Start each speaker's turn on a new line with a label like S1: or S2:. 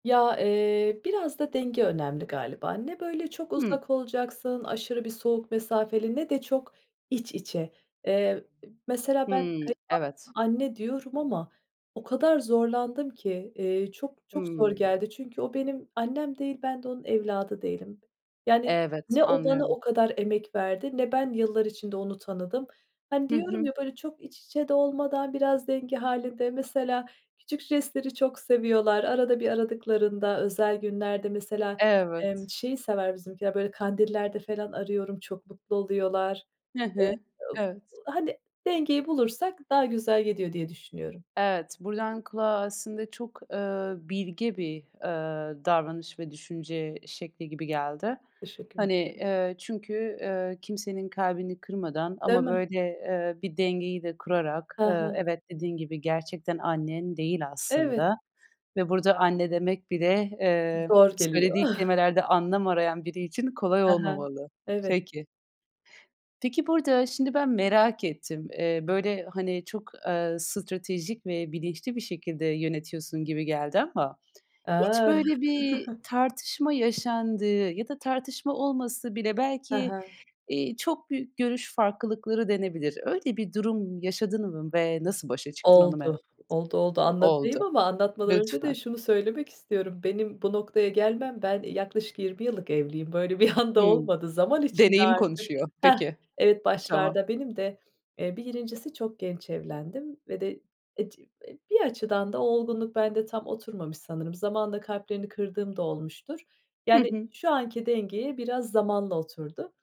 S1: Ya, eee, biraz da denge önemli galiba, ne böyle çok
S2: Hımm.
S1: uzak olacaksın, aşırı bir soğuk mesafeli, ne de çok iç içe, eee, e mesela ben
S2: Hımm.
S1: kayınvalideme
S2: Evet.
S1: anne diyorum ama o kadar zorlandım ki, eee, çok çok zor
S2: Hımm.
S1: geldi. Çünkü o benim annem değil, ben de onun evladı değilim, yani,
S2: Evet,
S1: ne o bana
S2: anlıyorum.
S1: o kadar emek verdi ne ben yıllar içinde onu tanıdım. Hani,
S2: Hı
S1: diyorum
S2: hı.
S1: ya böyle çok iç içe de olmadan biraz denge hâlinde, mesela, küçük jestleri çok seviyorlar arada bir aradıklarında özel günlerde mesela, emm,
S2: Evet.
S1: şeyi sever bizimkiler, böyle Kandillerde falan arıyorum, çok mutlu oluyorlar.
S2: Hı
S1: Eee,
S2: hı.
S1: ıb
S2: Evet.
S1: hani, dengeyi bulursak daha güzel gidiyor diye düşünüyorum.
S2: Evet, buradan kulağa aslında çok, ııı, bilge bir, ııı, davranış ve düşünce şekli gibi geldi.
S1: Teşekkür
S2: Hani,
S1: ederim.
S2: eee, çünkü, eee, kimsenin kalbini kırmadan
S1: Değil
S2: ama
S1: mi?
S2: böyle, eee, bir dengeyi de kurarak,
S1: Ha
S2: ııı,
S1: ha.
S2: evet, dediğin gibi, gerçekten annen değil
S1: Evet.
S2: aslında ve burada anne demek bile, eee,
S1: Zor geliyor.
S2: söylediği kelimelerde anlam arayan biri için kolay
S1: Ha ha,
S2: olmamalı.
S1: evet.
S2: Peki. Peki burada şimdi ben merak ettim. Eee, böyle hani çok, ııı, stratejik ve bilinçli bir şekilde yönetiyorsun gibi geldi ama hiç
S1: A.
S2: böyle bir tartışma yaşandığı ya da tartışma olmasa bile
S1: Ha
S2: belki,
S1: ha.
S2: iii, çok büyük görüş farklılıkları denebilir. Öyle bir durum yaşadın mı? Ve nasıl başa çıktın onu merak
S1: Oldu.
S2: ettim.
S1: Oldu, oldu, anlatayım
S2: Oldu.
S1: ama anlatmadan önce de
S2: Lütfen.
S1: şunu söylemek istiyorum. Benim bu noktaya gelmem ben yaklaşık 20 yıllık evliyim böyle bir anda
S2: Hımm,
S1: olmadı. Zaman içinde
S2: deneyim
S1: artık,
S2: konuşuyor.
S1: hah,
S2: Peki.
S1: evet,
S2: Tamam.
S1: başlarda benim de, eee, bir 1.'si çok genç evlendim ve de ec e bir açıdan da olgunluk bende tam oturmamış sanırım, zamanla kalplerini kırdığım da olmuştur.
S2: Hı
S1: Yani,
S2: hı.
S1: şu anki dengeye biraz zamanla oturdu.